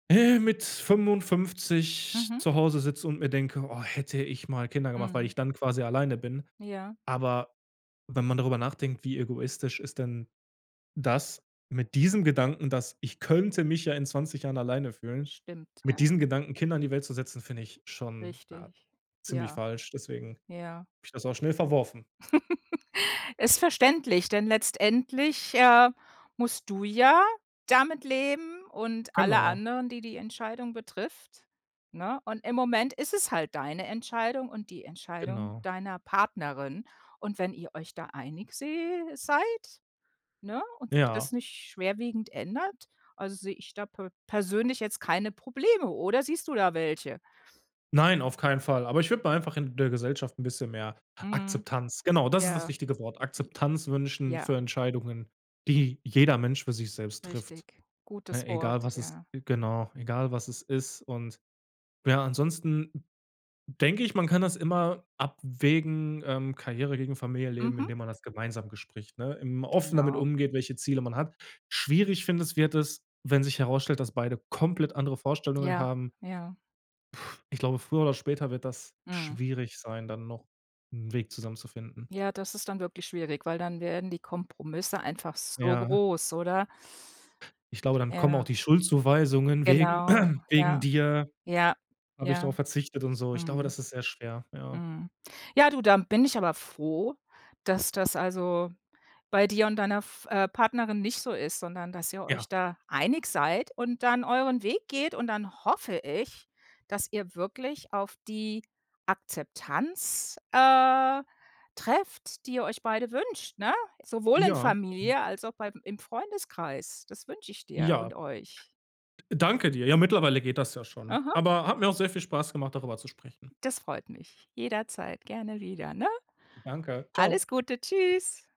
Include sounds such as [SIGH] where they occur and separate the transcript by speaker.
Speaker 1: Äh, mit 55
Speaker 2: Mhm.
Speaker 1: zu Hause sitze und mir denke: „Oh, hätte ich mal Kinder gemacht“, weil
Speaker 2: Mhm.
Speaker 1: ich dann quasi alleine bin.
Speaker 2: Ja.
Speaker 1: Aber wenn man darüber nachdenkt, wie egoistisch ist denn das mit diesem Gedanken, dass ich könnte mich ja in 20 Jahren alleine fühlen,
Speaker 2: Stimmt, ja.
Speaker 1: mit diesem Gedanken, Kinder in die Welt zu setzen, finde ich schon, ah,
Speaker 2: Richtig.
Speaker 1: ziemlich
Speaker 2: Ja.
Speaker 1: falsch, deswegen habe
Speaker 2: Ja.
Speaker 1: ich das auch schnell verworfen.
Speaker 2: [CHUCKLES] Ist verständlich, denn letztendlich, äh, musst du ja damit leben und alle
Speaker 1: Genau.
Speaker 2: anderen, die, die Entscheidung betrifft ne, und im Moment ist es halt deine Entscheidung und die Entscheidung
Speaker 1: Genau.
Speaker 2: deiner Partnerin. Und wenn ihr euch da einig se seid, ne? Und sich das
Speaker 1: Ja.
Speaker 2: nicht schwerwiegend ändert, also, sehe ich da pe persönlich jetzt keine Probleme, oder siehst du da welche?
Speaker 1: Nein, auf keinen Fall, aber ich würde mir einfach in der Gesellschaft 'n bisschen mehr
Speaker 2: Mhm.
Speaker 1: Akzeptanz genau, das ist das
Speaker 2: Ja.
Speaker 1: richtige Wort,
Speaker 2: J
Speaker 1: Akzeptanz wünschen
Speaker 2: ja.
Speaker 1: für Entscheidungen, die jeder Mensch für sich selbst trifft,
Speaker 2: Richtig.
Speaker 1: ne,
Speaker 2: Gutes
Speaker 1: egal
Speaker 2: Wort,
Speaker 1: was es
Speaker 2: ja.
Speaker 1: genau, egal was es ist, und ja, ansonsten denke ich, man kann das immer abwägen, ähm, Karriere gegen Familienleben,
Speaker 2: Mhm.
Speaker 1: indem man das gemeinsam bespricht, ne, im offen damit
Speaker 2: Genau.
Speaker 1: umgeht, welche Ziele man hat. Schwierig, finde es, wird es, wenn sich herausstellt, dass beide komplett andere Vorstellungen
Speaker 2: Ja.
Speaker 1: haben.
Speaker 2: Ja.
Speaker 1: Puh, ich glaube, früher oder später wird das
Speaker 2: Mhm.
Speaker 1: schwierig sein, dann noch 'n Weg zusammen zu finden.
Speaker 2: Ja, das ist dann wirklich schwierig, weil dann werden die Kompromisse einfach so
Speaker 1: Ja.
Speaker 2: groß, oder?
Speaker 1: Ich glaube, dann kommen auch
Speaker 2: Ja.
Speaker 1: die Schuldzuweisungen „Wegen
Speaker 2: Genau.
Speaker 1: [CLEARS THROAT] wegen
Speaker 2: Ja,
Speaker 1: dir
Speaker 2: ja.
Speaker 1: habe ich darauf
Speaker 2: Ja.
Speaker 1: verzichtet“, und so, ich glaube,
Speaker 2: Mhm.
Speaker 1: das ist sehr schwer, ja.
Speaker 2: Mhm. Ja, du, da bin ich aber froh, dass das also, bei dir und deiner f äh, Partnerin nicht so ist, sondern dass ihr
Speaker 1: Ja.
Speaker 2: euch da einig seid und dann euren Weg geht und dann hoffe ich, dass ihr wirklich auf die Akzeptanz, äh, trefft, die ihr euch beide wünscht, ne, sowohl in
Speaker 1: Ja. Hm.
Speaker 2: Familie als auch bei im Freundeskreis. Das wünsche ich dir
Speaker 1: Ja.
Speaker 2: und euch.
Speaker 1: D danke dir. Ja, mittlerweile geht das ja schon.
Speaker 2: Aha.
Speaker 1: Aber hat mir auch sehr viel Spaß gemacht, darüber zu sprechen.
Speaker 2: Das freut mich, jederzeit gerne wieder, ne?
Speaker 1: Danke. Tschau.
Speaker 2: Alles Gute, tschüss.